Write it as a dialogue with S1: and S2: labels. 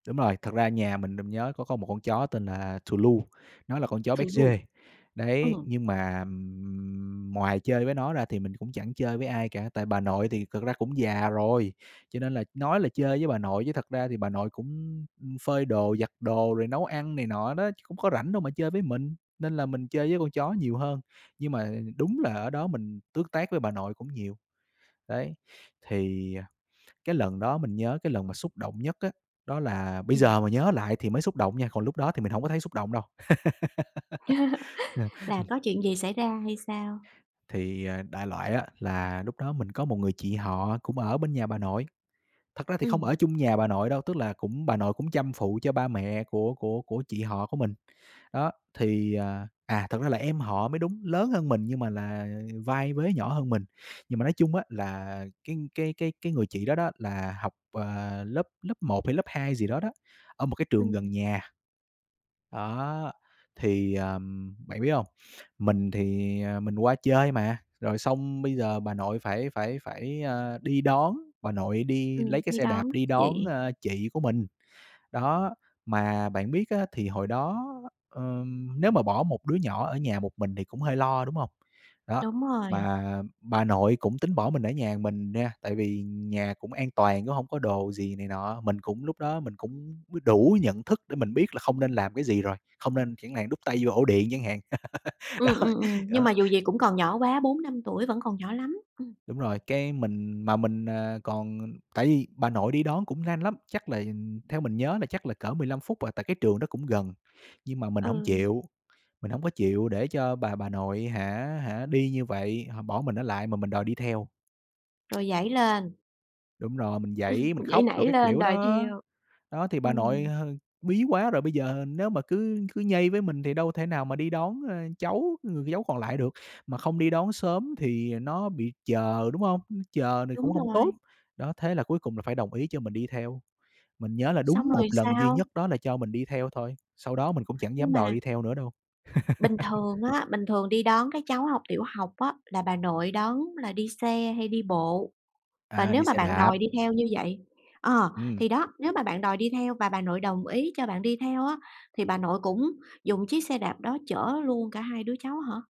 S1: Đúng rồi. Thật ra nhà mình, mình nhớ có có một con chó tên là Thù Lu, nó là con chó
S2: Thù Lu.
S1: béc-giê. Đấy,
S2: Ừm.
S1: nhưng mà, ừm, ừm, ngoài chơi với nó ra thì mình cũng chẳng chơi với ai cả. Tại vì bà nội thì cực ra cũng già rồi, cho nên là nói là chơi với bà nội chứ thật ra thì bà nội cũng, ưm, ừm, phơi đồ, giặt đồ rồi nấu ăn này nọ đó, chứ cũng có rảnh đâu mà chơi với mình. Nên là mình chơi với con chó nhiều hơn. Nhưng mà đúng là ở đó mình tước tác với bà nội cũng nhiều. Đấy, thì, à, cái lần đó mình nhớ cái lần mà xúc động nhất á, đó là bây
S2: Ừm.
S1: giờ mà nhớ lại thì mới xúc động nha, còn lúc đó thì mình hổng có thấy xúc động đâu. À,
S2: Là
S1: ừm.
S2: có chuyện gì xảy ra hay sao?
S1: Thì, à, đại loại á, là lúc đó mình có một người chị họ cũng ở bên nhà bà nội. Thật ra thì không
S2: Ừm.
S1: ở chung nhà bà nội đâu, tức là cũng bà nội cũng chăm phụ cho ba mẹ của của của chị họ của mình. Đó. Thì, à à, thật ra là em họ mới đúng, lớn hơn mình nhưng mà là vai vế nhỏ hơn mình. Nhưng mà nói chung á, là cái cái cái cái người chị đó đó, là học, à, lớp lớp 1 hay lớp 2 gì đó đó, ở một cái trường gần
S2: Ừm.
S1: nhà. Đó, thì, ờm, bạn biết hông? Mình thì, à, mình qua chơi mà, rồi xong bây giờ bà nội phải phải phải, à, đi đón, bà nội đi
S2: Ừm,
S1: lấy cái
S2: đi
S1: xe đạp
S2: đón
S1: đi đón,
S2: chị.
S1: ơ, chị của mình. Đó, mà bạn biết á, thì hồi đó, ờm, nếu mà bỏ một đứa nhỏ ở nhà một mình thì cũng hơi lo, đúng hông? Đó,
S2: Đúng rồi.
S1: mà bà nội cũng tính bỏ mình ở nhà mình nha, tại vì nhà cũng an toàn cũng hông có đồ gì này nọ. Mình cũng lúc đó mình cũng b đủ nhận thức để mình biết là không nên làm cái gì rồi, không nên chẳng hạn đút tay vô ổ điện chẳng hạn. Đó,
S2: Ừm, ừm, ừm. Nhưng
S1: đó.
S2: mà dù gì cũng còn nhỏ quá, 4-5 tuổi vẫn còn nhỏ lắm. Ừm.
S1: Đúng rồi. Cái mình mà mình, à, còn tại vì bà nội đi đón cũng lanh lắm. Chắc là theo mình nhớ là chắc là cỡ 15 phút à, tại cái trường đó cũng gần. Nhưng mà mình hổng
S2: Ừ.
S1: chịu, mình hổng có chịu để cho bà bà nội hả hả đi như vậy, h bỏ mình ở lại mà mình đòi đi theo.
S2: Rồi giãy lên.
S1: Đúng rồi. Mình giãy, mình
S2: Giãy
S1: khóc đồ
S2: nảy
S1: các
S2: lên
S1: kiểu
S2: đòi
S1: đó.
S2: theo.
S1: Đó, thì bà nội,
S2: Ừm.
S1: ờ, bí quá rồi, bây giờ nếu mà cứ cứ nhây với mình thì đâu thể nào mà đi đón, ờ, cháu, người cháu còn lại được. Mà không đi đón sớm thì nó bị chờ, đúng hông? Ư, chờ thì cũng
S2: Đúng
S1: hổng tốt.
S2: rồi.
S1: Đó, thế là cuối cùng là phải đồng ý cho mình đi theo. Mình nhớ là đúng
S2: Xong
S1: 1
S2: rồi
S1: lần duy
S2: sao?
S1: nhất đó là cho mình đi theo thôi, sau đó mình cũng chẳng
S2: Nhưng
S1: dám đòi
S2: mà
S1: đi theo nữa đâu.
S2: Bình thường á, bình thường đi đón các cháu học tiểu học á, là bà nội đón là đi xe hay đi bộ? Và
S1: À,
S2: nếu
S1: đi
S2: mà
S1: xe
S2: bạn
S1: đạp.
S2: đòi đi theo như vậy ờ,
S1: Ừm.
S2: thì đó, nếu mà bạn đòi đi theo và bà nội đồng ý cho bạn đi theo á, thì bà nội cũng dùng chiếc xe đạp đó chở luôn cả hai đứa cháu hả?